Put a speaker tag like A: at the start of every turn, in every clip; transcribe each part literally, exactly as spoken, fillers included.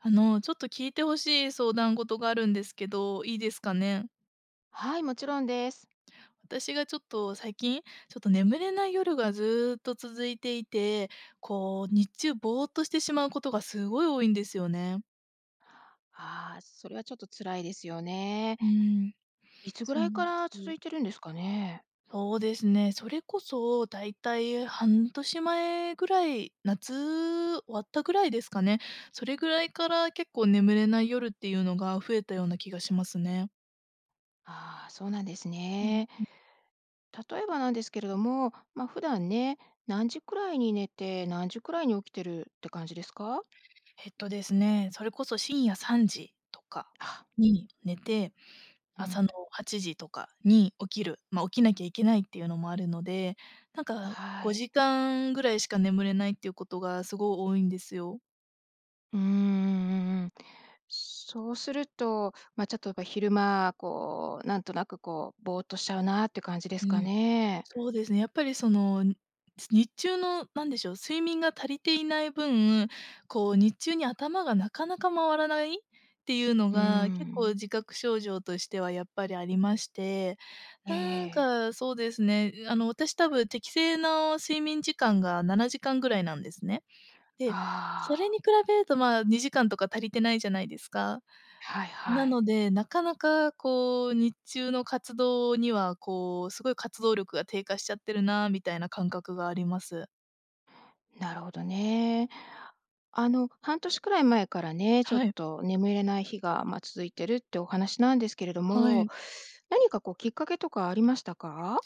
A: あのちょっと聞いて欲しい相談事があるんですけど、いいですかね。
B: はい、もちろんです。
A: 私がちょっと最近、ちょっと眠れない夜がずっと続いていて、こう日中ぼーっとしてしまうことがすごい多いんですよね。
B: ああ、それはちょっと辛いですよね。
A: うーん。
B: いつぐ
A: そう
B: ら
A: な
B: いか
A: んで
B: ら
A: す
B: 続
A: よ。
B: いてるんですかね？
A: そうですね、それこそ、大体半年前ぐらい、夏終わったぐらいですかね。それぐらいから結構眠れない夜っていうのが増えたような気がしますね。
B: ああ、そうなんです
A: うん
B: ね。
A: うん。
B: 例えばなんですけれども、まあ、普段ね、何時くらいに寝て何時くらいに起きてるって感じですか？
A: えっとですね、それこそ深夜さんじとか
B: あ。
A: に寝て、
B: う
A: 朝
B: ん。
A: のはちじとかに起きる、ま、起きなきゃいけないっていうのもあるので、なんか
B: は
A: ご
B: い。
A: じかんぐらいしか眠れないっていうことがすごい多いんですよ。
B: うーん、うんうんうん。そうすると、ま、ちょっとやっぱり昼間こうなんとなくこう、ぼーっとしちゃうなって感じで
A: う
B: すか
A: ん。
B: ね。
A: そうですね。やっぱりその日中の何でしょう、睡眠が足りていない分、こう日中に頭がなかなか回らないっていうの
B: うー
A: が結構
B: ん。
A: 自覚症状としてはやっぱりありまして。
B: ええ
A: なん
B: ええ。
A: かそうですね、あの、私多分適正の睡眠時間がななじかんぐらいなんですね。で、それ
B: ああ。
A: に比べるとまあ、にじかんとか足りてないじゃないですか。
B: はい
A: な
B: はい。
A: ので、なかなかこう日中の活動には、こう、すごい活動力が低下しちゃってるなみたいな感覚があります。
B: なるほどね。あの、半年くらい前からね、ちょっ
A: はい。
B: と眠れない日が、ま、続いてるってお話なんですけれど
A: は
B: も、
A: い。
B: 何かこうきっかけとかありましたか？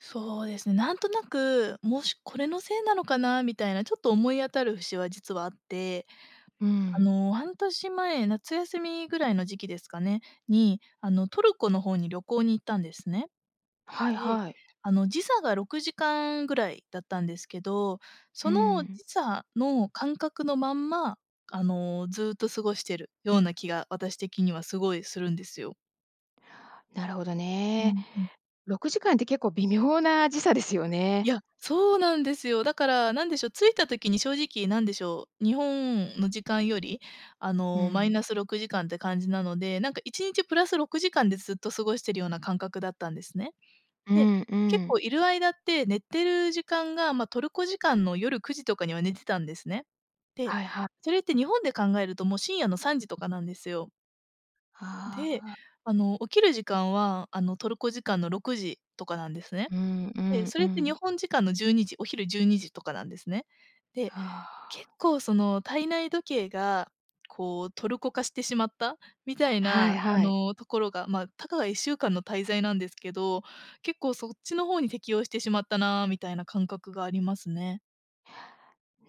A: そうです。なんとなく、もしこれのせいなのかなみたいなちょっと思い当たる節は実はあって。
B: う
A: あ
B: ん。
A: の、半年前、夏休みぐらいの時期ですかねに、あのトルコの方に旅行に行ったんですね。
B: はいはい。
A: で、あの時差がろくじかんぐらいだったんですけど、
B: う
A: その
B: ん。
A: 時差の感覚のまんま、あの、ずっと過ごしてるような気が私的にはすごいするんですよ。
B: なるほど
A: う
B: ね。
A: んうん。
B: ろくじかんって結構微妙な時差ですよ
A: い
B: ね。
A: や、そうなんですよ。だからなんでしょう、着いた時に正直、なんでしょう、日本の時間より、あ
B: う
A: の、マイ
B: ん。
A: ナスろくじかんって感じなので、なんかいちにちプラスろくじかんでずっと過ごしているような感覚だったんですね。
B: う
A: で、
B: んう
A: 結
B: ん。
A: 構いる間って寝てる時間が、ま、トルコ時間の夜、午後くじとかには寝てたんですね。で、
B: はいはい。
A: それって日本で考えるともう深夜の午前さんじとかなんですよ。で、
B: ああ。
A: あの、起きる時間は、あの、トルコ時間のろくじとかなんですね。
B: うんう
A: え、
B: ん
A: そ
B: う
A: れって、日
B: ん。
A: 本時間のじゅうにじ、お昼じゅうにじとかなんですね。で、
B: は
A: 結
B: あ。
A: 構その体内時計がこうトルコ化してしまった、みたい
B: は
A: な
B: い
A: あ
B: はい。
A: のところが。ま、たかがいっしゅうかんの滞在なんですけど、結構そっちの方に適応してしまったな、みたいな感覚がありますね。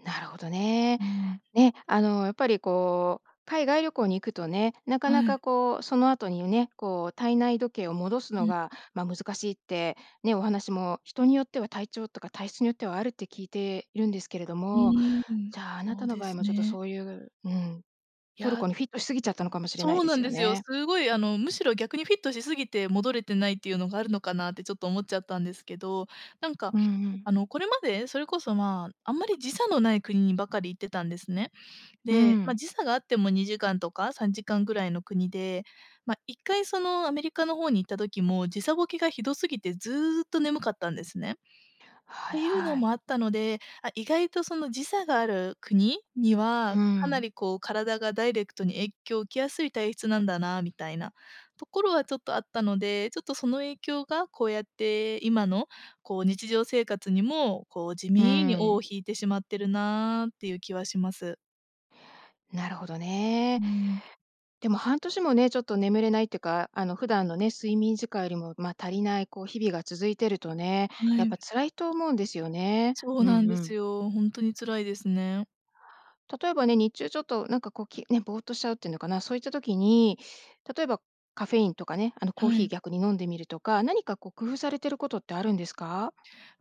B: なるほどね。
A: うん。
B: ね、あのやっぱりこう、海外旅行に行くとね、なかな
A: はい。
B: かこう、その後にね、こう体内時計を戻す
A: う
B: の
A: ん。
B: が、ま、難しいって、ね、お話も人によっては体調とか体質によってはあるって聞いているんですけれど
A: う
B: も、
A: ーん、
B: じゃあ、あな
A: そ
B: た
A: う
B: の
A: で
B: 場合
A: す
B: もちょっと
A: ね。
B: そういううん、トル
A: や。
B: コにフィットしすぎちゃったのかもしれない
A: そう
B: で
A: な
B: す
A: ん
B: よ
A: ですよ。
B: ね。
A: すごいあのむしろ逆にフィットしすぎて戻れてないっていうのがあるのかなってちょっと思っちゃったんですけど、なんか、
B: うんうん。
A: あのこれまでそれこそまあ、あんまり時差のない国にばかり行ってたんですね。
B: う
A: で、ま
B: ん。
A: 時差があってもにじかんとかさんじかんぐらいの国で、まいっかいそのアメリカの方に行った時も、時差ボケがひどすぎてずうっと眠かったんですね。っ
B: はい
A: ていうの
B: はい。
A: もあったので、あ、意外とその時差がある国？に
B: う
A: はかな
B: ん。
A: りこう体がダイレクトに影響を受けやすい体質なんだなみたいな、ところはちょっとあったので、ちょっとその影響がこうやって今のこう日常生活にも、こう地
B: うー
A: 味に尾を
B: ん。
A: 引いてしまってるなっていう気はします。
B: なるほどね。
A: うん。
B: でも、半年もね、ちょっと眠れないっていうか、あの普段のね、睡眠時間よりもまあ、足りないこう日々が続いてるとね、
A: は
B: やっぱ
A: い。
B: 辛いと思うんですよね。
A: そう
B: うん
A: なん
B: う
A: で
B: ん。
A: すよ。ほんとに辛いですね。
B: 例えばね、日中ちょっとなんかこう、きね、ぼーっとしちゃうっていうのかな、そういった時に、例えば、カフェインとかね、あの、コー
A: は
B: ヒー
A: い。
B: 逆に飲んでみるとか、何かこう工夫されてることってあるんですか？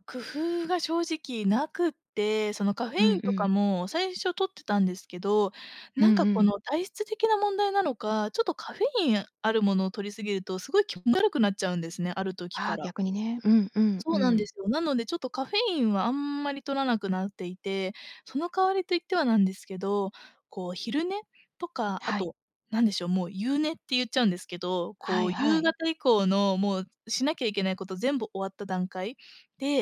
A: 工夫が正直なくって、そのカフェ
B: う
A: イ
B: ん
A: ン
B: う
A: とか
B: ん。
A: も最初摂ってたんですけど、
B: う
A: なん
B: ん
A: か
B: う
A: こ
B: ん。
A: の体質的な問題なのか、ちょっとカフェインあるものを摂りすぎるとすごい気持ち悪くなっちゃうんですね、ある時
B: あ
A: か
B: あ、
A: ら。
B: 逆にね。うんうんう
A: そうなんで
B: ん。
A: すよ。なので、ちょっとカフェインはあんまり摂らなくなっていて、その代わりと言ってはなんですけど、こう昼寝とかあ
B: はい。
A: となんでしょう、もう夕寝って言っちゃうんですけど、
B: は
A: こ
B: い
A: う
B: は
A: 夕
B: い。
A: 方以降のもうしなきゃいけないこと全部終わった段階？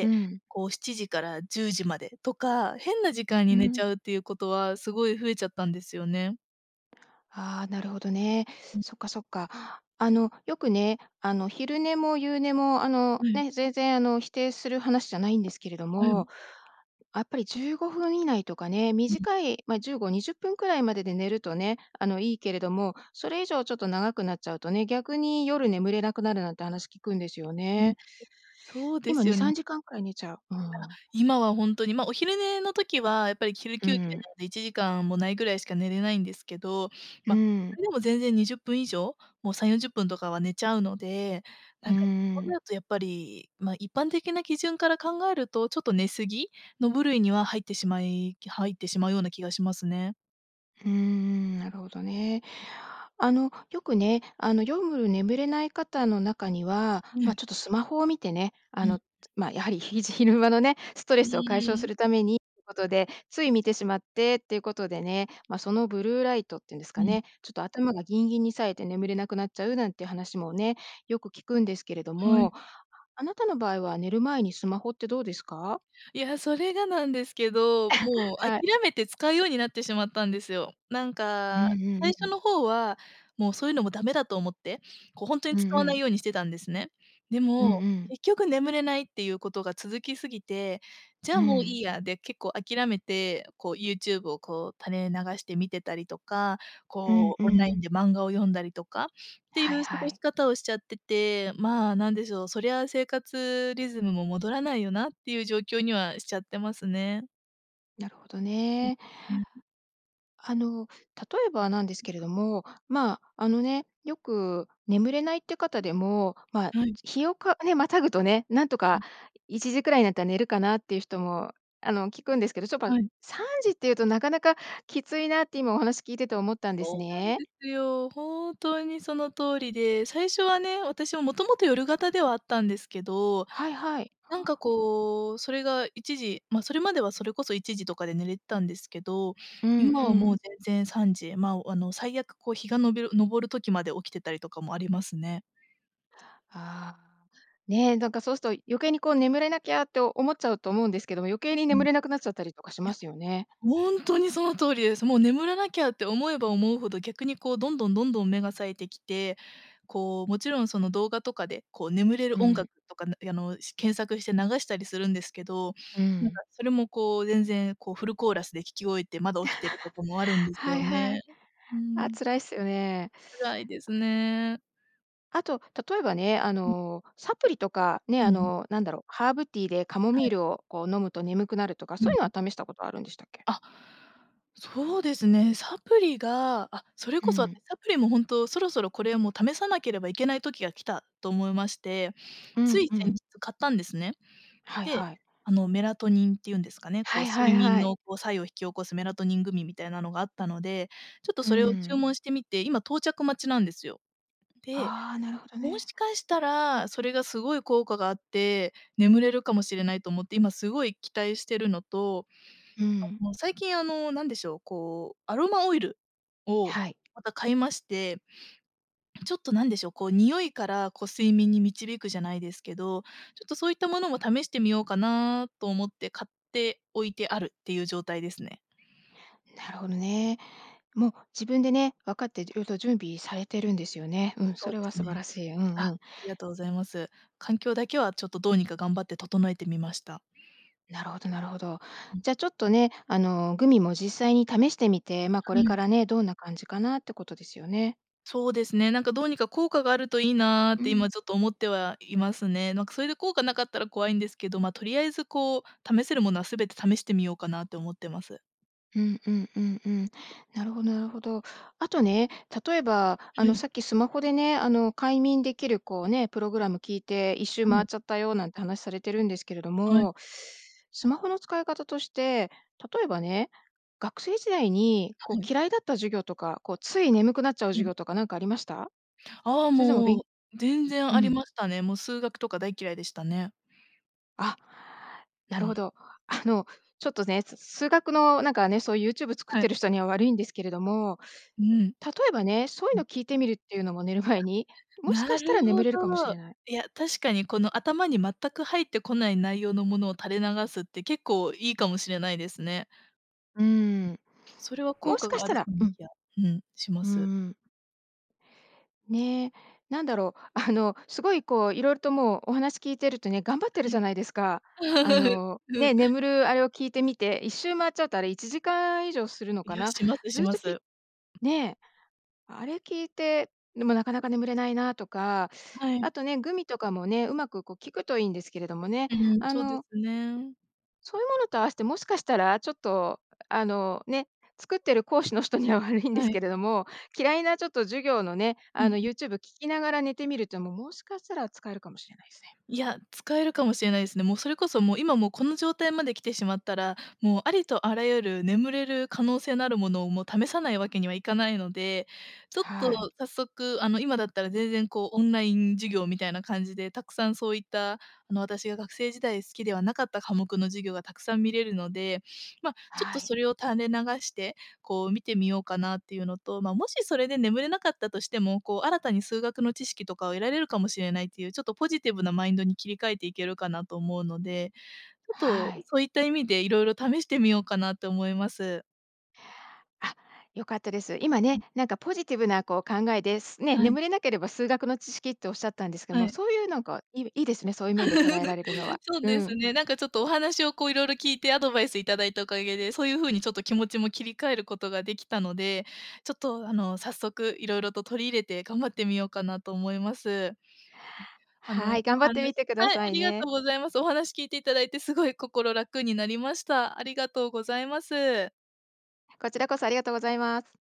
B: うん。
A: こうしちじからじゅうじまでとか、変な時間
B: う
A: に寝ち
B: ん。
A: ゃうっていうことは、すごい増えちゃったんですよね。
B: あ、なるほどね。
A: うん。
B: そっかそっか。あの、よくね、あの昼寝も夕寝もあの
A: はい。
B: ね、全然あの否定する話じゃないんですけれど
A: はい。
B: も、あっぱりじゅうごふん以内とかね、
A: うん。
B: 短い、ま、じゅうごにじゅっぷんくらいまでで寝るとね、あのいいけれども、それ以上ちょっと長くなっちゃうとね、逆に夜眠れなくなるなんて話聞くんですよ
A: うん。うん、え、
B: ね。
A: そうで
B: 今
A: す
B: に
A: よん
B: さんじかんくらい寝ちゃう。うー
A: なんか、
B: ん。
A: 今は本当に、ま、お昼寝の時はやっぱり昼
B: う
A: 休憩
B: ーん。
A: なのでいちじかんもないぐらいしか寝れないんですけど、
B: うー
A: ま、そ
B: ん。
A: れでも全然にじゅっぷん以上、もうさんよんじゅっぷんとかは寝ちゃうので、な
B: う
A: ん
B: ん
A: かそう
B: うん。
A: なるとやっぱり、ま、一般的な基準から考えるとちょっと寝過ぎ？の部類には入ってしまい、き入ってしまうような気がしますね。
B: うんうん、なるほどね。あの、よくね、あのよむる眠れない方の中には、
A: は
B: ま、
A: い。
B: ちょっとスマホを見てね、あ
A: うん。
B: の、つま、やはり、ひじ昼間のね、ストレ
A: う
B: スを解消
A: ー
B: す
A: ん。
B: るためにっていうことで、つい見てしまってっていうことでね、ま、そのブルーライトっていうんです
A: う
B: か
A: ん。
B: ね、ちょっと頭がギンギンにさえて眠れなくなっちゃうなんていう話もね、よく聞くんですけれど
A: はい。
B: も、あなたの場合は寝る前にスマホってどうですか？
A: いや、それがなんですけど、もう 諦
B: はい。
A: めて使うようになってしまったんですよ。なん
B: うんう
A: か、最
B: んう
A: 初
B: ん。
A: の方はもうそういうのもダメだと思って、こうほんとに
B: うんう
A: 使わない
B: ん。
A: ようにしてたんですね。で
B: うんう
A: も、
B: ん。
A: 結局眠れないっていうことが続きすぎて、じゃ
B: う
A: あもうい
B: ん。
A: いやで結構諦めて、こうユーチューブをこう垂れ流して見てたりとか、
B: うん
A: こ
B: う
A: う、オンライ
B: ん。
A: ンで漫画を読んだりとかっていう
B: はい
A: 過
B: は
A: ごし
B: い。
A: 方をしちゃってて。まあ、なんでしょう、そりゃ生活リズムも戻らないよなっていう状況にはしちゃってますね。
B: なるほど
A: うん
B: ね。
A: うん。
B: あの、例えばなんですけれども、まあ、あのね、よく眠れないっていう方でも、ま、
A: はい。
B: 日をかね、跨ぐとね、なんと
A: う
B: か
A: ん。
B: いちじくらいになったら寝るかなっていう人も、あの、聞くんですけど、ちょっと、
A: はい。
B: さんじっていうとなかなかきついなって今お話聞いてて思ったんです
A: そうなん
B: ね。
A: ですよ。本当にその通りで、最初はね、私ももともと夜型ではあったんですけど、
B: はいはい。
A: なんか、こう、それがいちじま、それまではそれこそいちじとかで寝れてたんですけど、
B: うん
A: 今
B: う
A: はもう
B: ん。
A: 全然さんじまあ、あの、最悪、こう、日がのびる昇る時まで起きてたりとかもありますね。
B: ああ、ね、なんか、そうすると余計に、こう、眠れなきゃって思っちゃうと思うんですけども、余計に
A: うん。
B: 眠れなくなっちゃったりとかし
A: い
B: ま
A: や、
B: すよね。
A: 本当にその通りです。もう眠らなきゃって思えば思うほど、逆に、こう、どんどんどんどん目が冴えてきて、こう、もちろん、その、動画とかで、こう、眠れ
B: う
A: る音
B: ん。
A: 楽とか、やあの、検索して流したりするんですけど、
B: う
A: なん
B: ん。
A: か、それも、こう、全然、こう、フルコーラスで聴き終えてまだ起きてることも あるんです
B: は
A: よ
B: いはい。
A: ね。う
B: あ、
A: ん。
B: 辛いっすよね。
A: 辛いですね。
B: あと、例えばね。あ
A: うん。
B: の、サプリとか、ね。
A: うんう
B: あ
A: ん。
B: の、なんだろう、ハーブティーでカモミ
A: は
B: ー
A: い。
B: ルをこう飲むと眠くなるとか。
A: う
B: そう
A: ん、
B: いうのは
A: う。
B: 試したことあるんでしたっけ？
A: あ、そうですね。サプリがあ、それ
B: う
A: こそ、あの、
B: ん。
A: サプリも本当そろそろこれ、もう試さなければいけない時が来たと思いまして。
B: う
A: つ
B: ん、
A: い
B: う
A: 先
B: ん。
A: 日買ったんですね。
B: はい
A: で、
B: はい。
A: あの、メラトニンっていうんですかね、こ
B: は
A: う
B: いは
A: 睡
B: い
A: 眠
B: はい。
A: の、こう、作用を引き起こすメラトニングミみたいなのがあったので。ちょっと
B: う
A: それを注
B: ん。
A: 文してみて、今到着待ちなんですよ。で、
B: ああ、なるほど
A: も
B: ね。
A: しかしたらそれがすごい効果があって、眠れるかもしれないと思って、今すごい期待してるのと、
B: う
A: あ、
B: ん。
A: もう最近、あの、何でしょう、こう、アロマオイルを
B: はい。
A: また買いまして。ちょっとなんでしょう。こう、匂いからこう、睡眠に導くじゃないですけど。ちょっとそういったものも試してみようかなと思って、買っておいてあるっていう状態ですね。
B: なるほどね。もう自分でね、分かって色々準備されてるんですよね。うん、そ
A: そうで
B: れは
A: す
B: 素晴
A: ね。
B: らしい。うん、
A: あ、
B: う
A: あ
B: ん。
A: りがとうございます。環境だけはちょっと、どうにか頑張って整えてみました。
B: なるほどなるほど。
A: うん。
B: じゃあちょっとね、あの、グミも実際に試してみて、ま、こ
A: は
B: れか
A: い。
B: らね、どんな感じかなってことですよね。
A: そうですね。なんか、どうにか効果があるといいなっ
B: う
A: て
B: ん。
A: 今ちょっと思ってはいますね。なんかそれで効果なかったら怖いんですけど、ま、とりあえずこう、試せるものはすべて試してみようかなと思ってます。
B: うんうんうんうん。なるほどなるほど。あとね、例えば、あ
A: は
B: の、
A: い。
B: さっきスマホでね、あの、快眠できるこう、ね、プログラム聞いて、いっしゅう
A: は
B: 回
A: い。
B: っちゃったよなんて話されてるんですけれど
A: はい。
B: も、スマホの使い方として、例えばね、学生時代に、
A: は
B: こう、
A: い。
B: 嫌いだった授業とか、こう、つい眠くなっちゃう
A: は
B: 授
A: い。
B: 業とかなんかありました？
A: ああ、
B: それでもべ
A: もう、
B: ん
A: 全然
B: う
A: あり
B: ん。
A: ましたね。も、数学とか大嫌いでしたね。
B: あ、な
A: う
B: るほ
A: ん。
B: ど。あの、ちょっとね、す数学のなんかね、そうユーチューブ作っ
A: はい。
B: てる人には悪いんですけれども、
A: うーん。
B: 例えばね、そうい
A: う
B: う
A: ん。
B: の聞いてみるっていうのも寝る前に、
A: あ、
B: もしか
A: な
B: し
A: る
B: たら眠
A: ほ
B: れるかもし
A: ど。
B: れない。
A: いや、確かにこの、頭に全く入ってこない内容のものを垂れ流すって、結構いいかもしれないですね。
B: うーん。
A: それは効
B: もし
A: 果
B: かし
A: があ
B: た
A: る
B: らう
A: [unintelligible]
B: ん。
A: や、うん、しま
B: うー
A: す。
B: ん。ね。なんだろう、あの、すごいこう、色々ともう、お話聞いてるとね、頑張ってる
A: は
B: じ
A: い。
B: ゃないですか。あ の、
A: う
B: ね、
A: ん。
B: 眠るあれを聞いてみて、いしゅう回っちゃっうとあれいちじかん以上するの
A: い
B: か
A: や、
B: な。
A: しますし
B: ずっ
A: ま
B: と聞
A: す。
B: ね、あれ聞いて、でもなかなか眠れないなとか。
A: は
B: あ
A: い。
B: とね、グミとかもね、うまくこう、効くといんですけれどもね。
A: うーん、
B: あ
A: そうで
B: の、
A: すね。
B: そういうものと合わせて、もしかしたらちょっと、あの、ね、作ってる講師の人には悪いんで
A: は
B: す
A: い。
B: けれども、嫌いなちょっと授業のね、
A: うん、
B: あの、
A: う。
B: ユーチューブ聴きながら寝てみると、ももしかしたら使えるかもしれないすね。
A: いや、使えるかもしれないっすね。もう、それこそもう、今もう、この状態まで来てしまったら、もう、ありとあらゆる眠れる可能性のあるものをもう、試さないわけにはいかないので、ちょっと
B: はい。
A: 早速、あの、今だったら全然こう、オンライン授業みたいな感じで、たくさんそういった、あの、私が学生時代好きではなかった科目の授業がたくさん見れるので、ま、ちょっ
B: は
A: と
B: い。
A: それを垂れ流して、こう、見てみようかなっていうのと、ま、もしそれで眠れなかったとしても、こう、新たに数学の知識とかを得られるかもしれないっていう、ちょっとポジティブなマインドに切り替えていけるかなと思うので、ちょっと
B: はい。
A: そういった意味で色々試してみようかなって思います。
B: あ、良かったです。今
A: う
B: ね、
A: ん。
B: なんかポジティブなこう、考えで、ね、
A: はい。
B: 眠れなければ数学の知識っておっしゃったんですが、
A: は
B: もう、
A: い。
B: そういうなんか、いいいですね、そういう面で捉えられるの は。
A: そう
B: う
A: です
B: ん。
A: ね、なんかちょっとお話をこう、色々聞いてアドバイスいただいたおかげで、そういう風にちょっと気持ちも切り替えることができたので、ちょっと、あの、早速いろいろと取り入れて頑張ってみようかなと思います。はい、あ
B: は
A: の、
B: い、
A: お
B: 頑張っ
A: 話
B: てみてくだ
A: はい、あ
B: さい
A: りが
B: ね。
A: とうございます。お話聞いていただいてすごい心楽になりました。ありがとうございます。
B: こちらこそ、ありがとうございます。